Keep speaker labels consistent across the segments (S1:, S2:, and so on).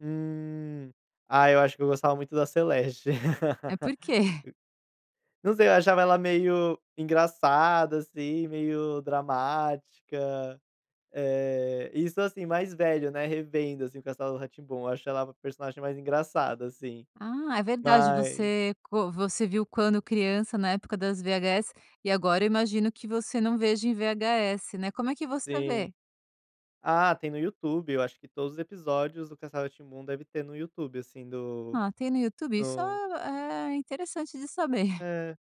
S1: Hum, ah, eu acho que eu gostava muito da Celeste,
S2: É, por
S1: e,
S2: quê?
S1: não sei, achava ela meio engraçada, assim, meio dramática, eh, isso, assim, mais velho, né, revendo, assim, o Castelo Rá-Tim-Bum, eu acho ela a personagem mais engraçada, assim,
S2: Ah, é verdade
S1: mas
S2: você co você viu quando criança, na época das VHS e agora eu imagino, que você não veja em VHS, né, como é que você
S1: Sim,
S2: vê?
S1: ah, tem no YouTube, eu acho que todos os episódios do castelo Rá-Tim-Bum, deve ter no YouTube, assim, do
S2: Ah, tem no YouTube, isso
S1: no
S2: é interessante de saber.
S1: É,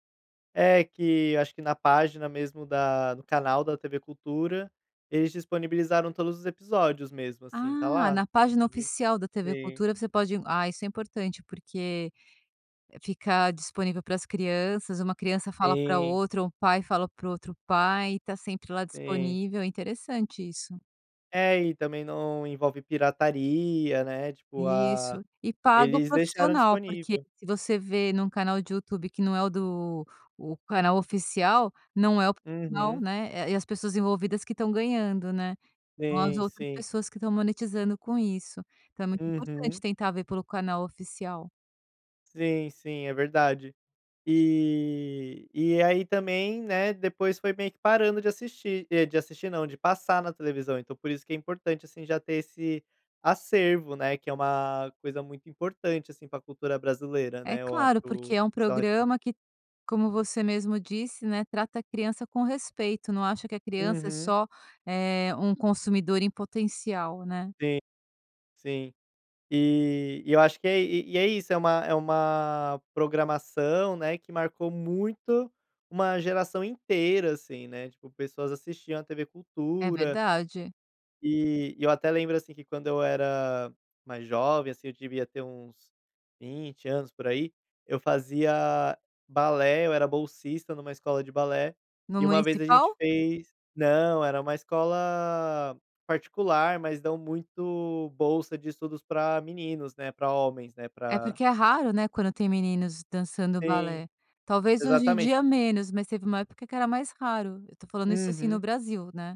S1: é que eu acho que na página mesmo da do canal da TV Cultura, eles disponibilizaram todos os episódios mesmo, assim, tá
S2: Ah,
S1: lá,
S2: na página
S1: pode,
S2: oficial da TV
S1: sim.
S2: Cultura você pode, ah, isso é importante, porque ficar disponível para as crianças, uma criança fala pra
S1: Sim.
S2: outra, um pai fala para o outro pai, e tá sempre lá
S1: Sim.
S2: disponível, é interessante isso.
S1: É, e também, não envolve pirataria, né, tipo, ah,
S2: Isso, e paga o
S1: eles deixaram
S2: profissional, porque
S1: disponível.
S2: se você vê num canal de YouTube, que não é o do o canal oficial, não é o canal,
S1: Uhum.
S2: né, é as pessoas envolvidas que estão ganhando, né. Não as
S1: Sim,
S2: outras
S1: sim.
S2: pessoas que estão monetizando com isso, então é muito importante
S1: Uhum.
S2: tentar ver pelo canal oficial.
S1: Sim, sim, é verdade, e e aí também, né, depois foi meio que parando de assistir de assistir não, de passar na televisão, então por isso que é importante, assim, já ter esse acervo, né, que é uma coisa muito importante, assim, pra cultura brasileira,
S2: É
S1: né, eu acho
S2: claro, porque
S1: o
S2: é um
S1: Castelo Rá-Tim-Bum.
S2: programa que como você mesmo disse, né, trata a criança com respeito, não acha que a criança é
S1: Uhum.
S2: só, eh, um consumidor em potencial, né.
S1: Sim, sim, e, eu acho que é e é isso, é uma, é uma programação, né, que marcou muito, uma geração inteira, assim, né, tipo pessoas assistiam à tv
S2: É
S1: cultura
S2: verdade.
S1: e eu até lembro, assim, que quando eu era mais jovem, assim, eu devia ter uns 20 anos por aí, eu fazia balé, eu era bolsista numa escola de balé,
S2: No
S1: e uma vez a gente
S2: municipal?
S1: fez não, era uma escola particular, mas dão muito bolsa de estudos pra meninos, né, pra homens, né,
S2: É
S1: pra
S2: porque é raro, né, quando tem meninos dançando
S1: Sim,
S2: balé, talvez hoje em
S1: exatamente.
S2: dia menos, mas teve uma época que era mais raro, eu tô falando isso, assim, no
S1: Uhum.
S2: Brasil, né.